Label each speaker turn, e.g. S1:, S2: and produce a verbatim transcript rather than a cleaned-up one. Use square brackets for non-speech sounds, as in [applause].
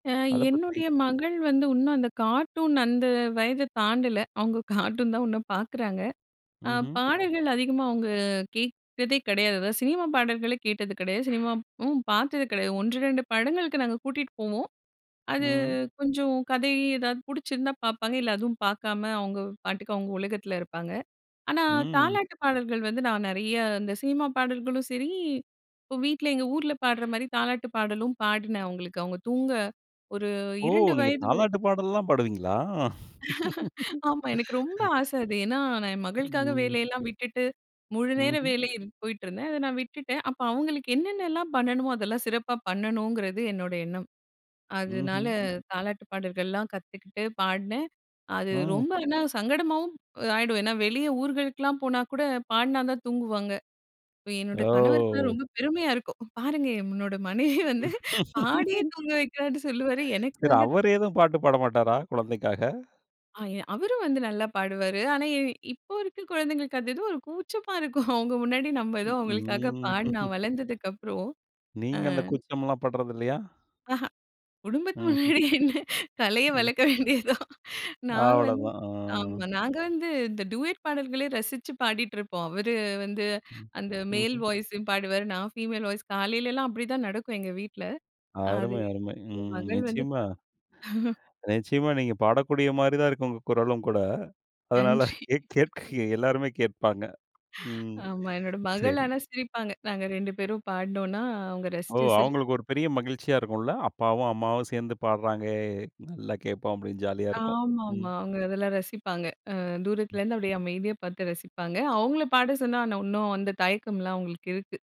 S1: அ
S2: அத பத்தி
S1: என்னுடைய மகள் வந்து உன்னும் அந்த கார்ட்டூன் அந்த வயத தாண்டல. அவங்க [chuckles] கார்ட்டூன் தான் உன்னும் பார்க்குறாங்க. அ
S2: ம்ஹும்.
S1: பாடல்கள் அதிகமா அவங்க கேட்கிறதே கிடையாது. அதாவது சினிமா பாடல்கள கேட்டது கிடையாது. சினிமாவும் பார்த்தது கிடையாது. ஒன்று ரெண்டு படங்களுக்கு நாங்க கூட்டிட்டு போவோம். அது
S2: ம்.
S1: கொஞ்சம் கதை எதாவது புடிச்சிருந்தா பார்ப்பாங்க இல்ல, அதுவும் பார்க்காம அவங்க பாட்டுக்கு அவங்க உலகத்தில இருப்பாங்க. ஆனா,
S2: ம்.
S1: தாலாட்டு பாடல்கள் வந்து நான் நறைய இந்த சினிமா பாடல்களும் சரி, இப்போ வீட்ல எங்க ஊர்ல பாடுற மாரி தாலாட்டு பாடலும் பாடினேன். அவங்களுக்கு அவங்க தூங்க ஒரு
S2: ஓ!
S1: ரெண்டு
S2: நீங்க
S1: வயது வரைக்
S2: தாலாட்டு பாடல்லா பாடுவீங்களா?
S1: [chuckles] ஆமா. எனக்கு ரொம்ப
S2: [laughs]
S1: ஆசை அது. ஏனா, நான் என் மகளுக்காக
S2: ம்.
S1: வேலையெல்லாம் விட்டுட்டு, முழுநேர
S2: ம்ஹும்.
S1: வேலை போயிட்டுருந்தேன். அத நான் விட்டுட்டேன். அப்ப அவங்களுக்கு என்னென்னலாம் பண்ணணுமோ, அதெல்லாம் சிறப்பா பண்ணணுங்கிறது என்னோட எண்ணம். அதனால
S2: ம்ஹும்.
S1: தாலாட்டுப் பாடல்கள்லாம் கத்துக்கிட்டு பாடினேன். அது
S2: ம்.
S1: ரொம்ப ஏனா சங்கடமாகவும் ஆயிடும். ஏனா, வெளிய ஊர்களுக்கெல்லாம் போனா கூட பாடினா தான் தூங்குவாங்க. என்னோட கணவருக்குலாம்
S2: ஓ!
S1: ரொம்ப பெருமையா இருக்கும். பாருங்க என்னோட மனைவி வந்து பாடியே
S2: [laughs]
S1: தூங்க வைக்கிறான்னு சொல்லுவார். எனக்கு
S2: சரி,
S1: வந்து
S2: அவர் ஏதும் பாட்டு பாட மாட்டாரா குழந்தைக்காக?
S1: ஆய அவரும் வந்து நல்லா பாடுவாரு. ஆனா, இப்போ இருக்க குழந்தைங்களுக்கு அது ஏதோ ஒரு கூச்சமா இருக்கும். அவங்க முன்னாடி, நம்ம ஏதோ
S2: ம்,
S1: அவங்களுக்காக
S2: ம்.
S1: பாடி நான் வளர்ந்ததுக்கப்புறம்.
S2: [laughs]
S1: ஆ.
S2: நீங்க அந்த கூச்சம்லா பட்றதில்லையா?
S1: அஹ, குடும்பத்துக்கு
S2: ம்ஹும்.
S1: முன்னாடி என்ன கலைய
S2: ம்.
S1: வளர்க்க வேண்டியது தான். நாங்க வந்து
S2: அவ்வளோதான்.
S1: ஆம்
S2: ஆ.
S1: நாங்க வந்து இந்த டூயட் பாடல்களே ரசிச்சு பாடிட்ருப்போம். அவரு வந்து
S2: ம்.
S1: அந்த மேல்
S2: ம்ஹும்.
S1: வாய்ஸ்சு பாடுவார். நான் ஃபீமேல் வாய்ஸ் காலையிலலாம் அப்டிதான் நடக்கும் எங்க வீட்ல. அது
S2: அருமை, அருமை.
S1: ஏ
S2: ம்
S1: மகள் வந்து
S2: நிச்சியமா.
S1: பாத்து [chuckles]
S2: நிச்சியமா. நீங்க பாடக்கூடிய மாரி தான் இருக்கு உங்க குரலும் கூட அதனால,
S1: நன்றி.
S2: கேட் கேட்க எல்லாருமே கேட்பாங்க. ம்.
S1: ஆமா, என்னோட மகள்
S2: சரி.
S1: ஆனா, சிரிப்பாங்க. நாங்க ரெண்டு பேரும் பாடுனோம்னா, அவங்க
S2: ஓ!
S1: ரசிச்சு சிர்
S2: அவங்களுக்கு ஒரு பெரிய மகிழ்ச்சியா இருக்கும்ல அப்பாவும், அம்மாவும் சேர்ந்து பாட்றாங்க. நல்லா கேட்போம் அப்டின்னு ஜாலியா இருக்கும். ம்.
S1: ஆமாமா. அவங்க அதெல்லாம் ரசிப்பாங்க. ஆ தூரத்துல
S2: ம்.
S1: இருந்து அப்டியே அமைதியா பார்த்து ரசிப்பாங்க. அவங்கள பாட சொன்னா, இன்னும் அந்த தயக்கம்லாம் அவங்களுக்கு இருக்கு.